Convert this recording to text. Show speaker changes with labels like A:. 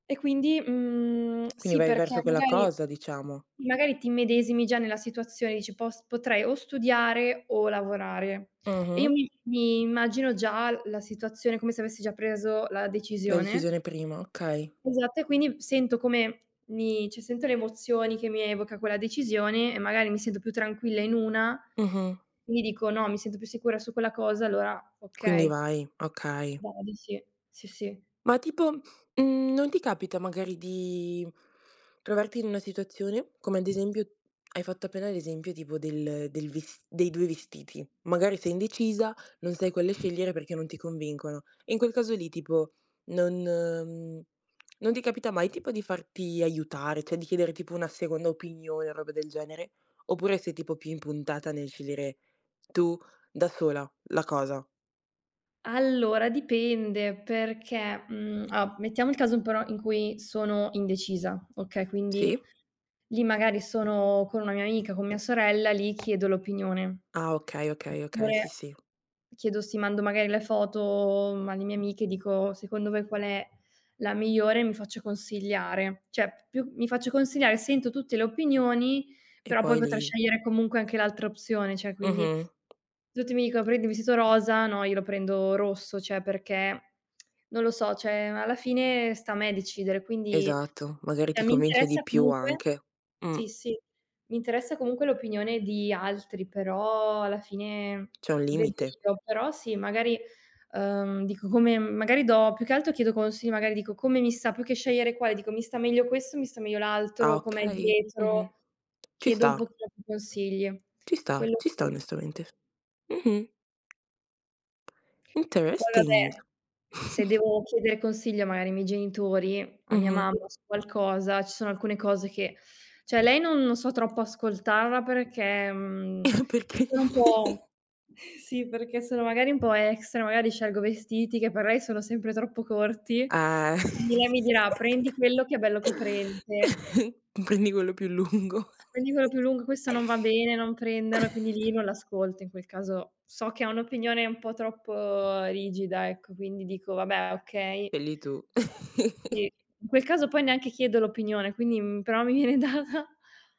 A: E quindi, mhmm,
B: Quindi
A: sì,
B: vai
A: perché
B: verso quella
A: magari
B: cosa, diciamo.
A: magari ti immedesimi già nella situazione, dici: "Pos potrei o studiare o lavorare". E io
B: Mh-mh.
A: mi mi immagino già la situazione come se avessi già preso la
B: La
A: decisione.
B: decisione prima, okay.
A: Esatto, e quindi sento come mi cioè sento le emozioni che mi evoca quella decisione e magari mi sento più tranquilla in una
B: Mh-mh.
A: indi dico: "No, mi sento più sicura su quella cosa, allora
B: Quindi
A: okay".
B: vai, okay.
A: [unintelligible] Sì, sì.
B: Ma tipo, mhmm, non ti capita magari di trovarti in una situazione come ad esempio hai fatto appena l'esempio tipo del del ves dei 2 vestiti: magari
A: S
B: sei indecisa, non sai quelle scegliere perché non ti convincono. E in quel caso lì tipo non mhmm, non ti capita mai tipo di farti aiutare, cioè di chiedere tipo una seconda opinione o robe del genere, oppure sei tipo più impuntata nel scegliere tu da sola la cosa?
A: Allora dipende perché, mhmm, allo mettiamo il caso però in cui sono indecisa, okay,
B: Sì.
A: quindi lì magari sono con una mia amica, con mia sorella, lì chiedo l'opinione.
B: Ah okay, okay, okay, sì,
A: Oppure
B: sì.
A: chiedo se mando magari le foto alle mie amiche, dico: "Secondo voi qual è la migliore?" Mi faccio consigliare. Cioè più mi faccio consigliare, sento tutte le opinioni,
B: E
A: però poi
B: poi
A: potrei
B: lì
A: scegliere comunque anche l'altra opzione, cioè quindi
B: Mh-mh.
A: Tutti mi dicono prendi vestito rosa, no, io lo prendo rosso, cioè perché non lo so, cioè alla fine sta a me decidere, quindi,
B: Esatto, magari
A: cioè
B: ti
A: mi
B: convince
A: interessa
B: di più
A: comunque
B: anche.
A: sì,
B: Mh.
A: sì, m' interessa comunque l'opinione di altri, però alla fine
B: C'è un
A: vedo
B: limite.
A: io. Però sì, magari, ehm, dico come mhmm, magari do più che altro chiedo consigli, magari dico: "Come mi sta?". Più che scegliere quale, dico: "Mi sta meglio questo, mi sta meglio
B: Ah
A: l'altro, com'è
B: okay, mh-mh.
A: dietro?"
B: Ci
A: Chiedo
B: sta.
A: un pochino più consigli.
B: Ci sta,
A: Quello
B: ci sta
A: sì.
B: onestamente. Mh-mh.
A: Poi
B: Interesting.
A: vabbè, se devo chiedere consiglio magari ai miei genitori, a mia
B: Mh-mh.
A: mamma su qualcosa, ci sono alcune cose che cioè, lei non non so troppo ascoltarla perché, mhmm,
B: Perché?
A: sono un po', sì, perché sono magari un po' extra, magari scelgo vestiti che per lei sono sempre troppo corti,
B: Ah.
A: indi lei mi dirà: "Prendi quello che è bello coprente"
B: Prendi quello più lungo.
A: "prendi quello più lungo, questo non va bene, non prenderla." Quindi lì non l'ascolto, in quel caso so che ha un'opinione un po' troppo rigida, ecco, quindi dico: "Vabbè okay".
B: Egli tu.
A: Sì. In quel caso poi neanche chiedo l'opinione, quindi mhmm, però mi viene data.